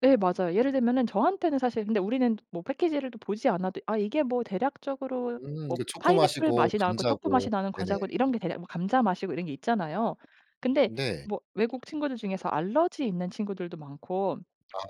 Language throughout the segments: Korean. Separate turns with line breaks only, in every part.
네 맞아요. 예를 들면은 저한테는 사실 근데 우리는 뭐 패키지를 또 보지 않아도 '아 이게 뭐 대략적으로
음
뭐
이게
파인애플
초코맛이고
맛이 나고 초코
감자고.
맛이 나는
네네.
과자고 이런 게 대략 뭐 감자 맛이고' 이런 게 있잖아요. 근데
네.
뭐 외국 친구들 중에서 알러지 있는 친구들도 많고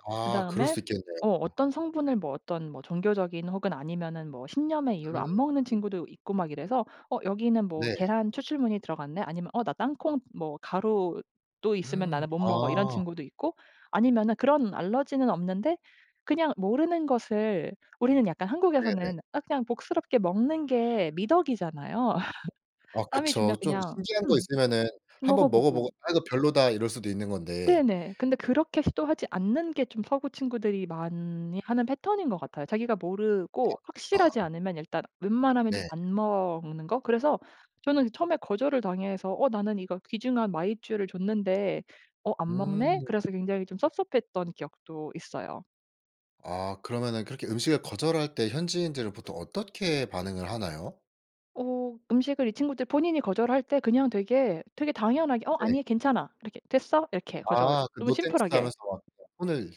아 그럴
그다음에
수 있겠네요.
어
어.
어떤 성분을 뭐 어떤 뭐 종교적인 혹은 아니면은 뭐 신념의 이유로
음.
안 먹는 친구도 있고 막 이래서 "어 여기는 뭐
네.
계란 추출물이 들어갔네.'" 아니면 "어 나 땅콩 뭐 가루도 있으면
음.
나는 못 먹어." 이런
아.
친구도 있고 아니면은 그런 알러지는 없는데 그냥 모르는 것을 우리는 약간
네네.
한국에서는 아 그냥 복스럽게 먹는 게 미덕이잖아요.
아
남이
그쵸.
주면
좀
그냥
신기한 거
음
있으면은 1 번 먹어보고
먹어보고.
'아 이거 별로다.' 이럴 수도 있는 건데.
네네. 근데 그렇게 시도하지 않는 게 좀 서구 친구들이 많이 하는 패턴인 것 같아요. 자기가
아
모르고 확실하지
그렇구나.
않으면 일단 웬만하면 좀
네.
안 먹는 거? 그래서 저는 처음에 거절을 당해서 '어 나는 이거 귀중한 마이쮸를 줬는데 어 안 먹네.'
음.
그래서 굉장히 좀 섭섭했던 기억도 있어요.
아 그러면은 그렇게 음식을 거절할 때 현지인들은 보통 어떻게 반응을 하나요?
어 음식을 이 친구들 본인이 거절할 때 그냥 되게, 되게 당연하게 "어
네.
아니 괜찮아." 이렇게 "됐어." 이렇게 거절
아 그
너무
"노 땡스."
심플하게
하면서 막 손을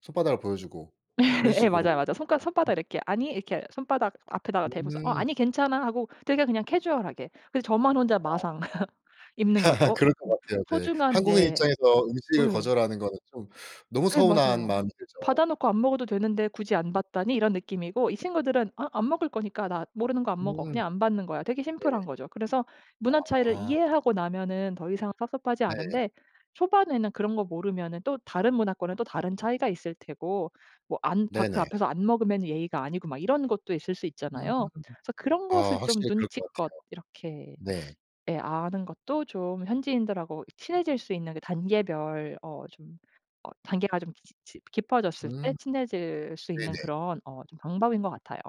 손바닥을 보여주고 그런
예. 맞아요,
식으로
맞아요. 손가
음.
손바닥 이렇게 "아니." 이렇게 손바닥 앞에다가 대고서 "어
음.
아니 괜찮아." 하고 되게 그냥 캐주얼하게. 그래서 저만 혼자
아.
마상 입는 거죠. '어
그럴 것
내
같아요, 네.
소중한
한국인
내'
입장에서 음식을
예.
거절하는 거는 좀 너무
예
서운한
맞아요.
마음이 들죠.
'받아 놓고 안 먹어도 되는데 굳이 안 받다니.' 이런 느낌이고 이 친구들은 '아 안 먹을 거니까 나 모르는 거 안 먹어.
음.
그냥 안 받는 거야.' 되게
네.
심플한 거죠. 그래서 문화 차이를
아.
이해하고 나면은 더 이상 섭섭하지
네.
않은데 초반에는 그런 거 모르면은 또 다른 문화권은 또 다른 차이가 있을 테고 뭐 안 받 그
네네.
앞에서 안 먹으면 예의가 아니고 막 이런 것도 있을 수
음.
있잖아요. 그래서 그런
아
것을 좀
확실히 그럴 것 같아요.
눈치껏 이렇게
네.
예 아는 것도 좀 현지인들하고 친해질 수 있는 그 단계별 어 좀 어 단계가 좀 지 지 깊어졌을 때
음.
친해질 수 있는
네네.
그런 어 좀 방법인 것 같아요.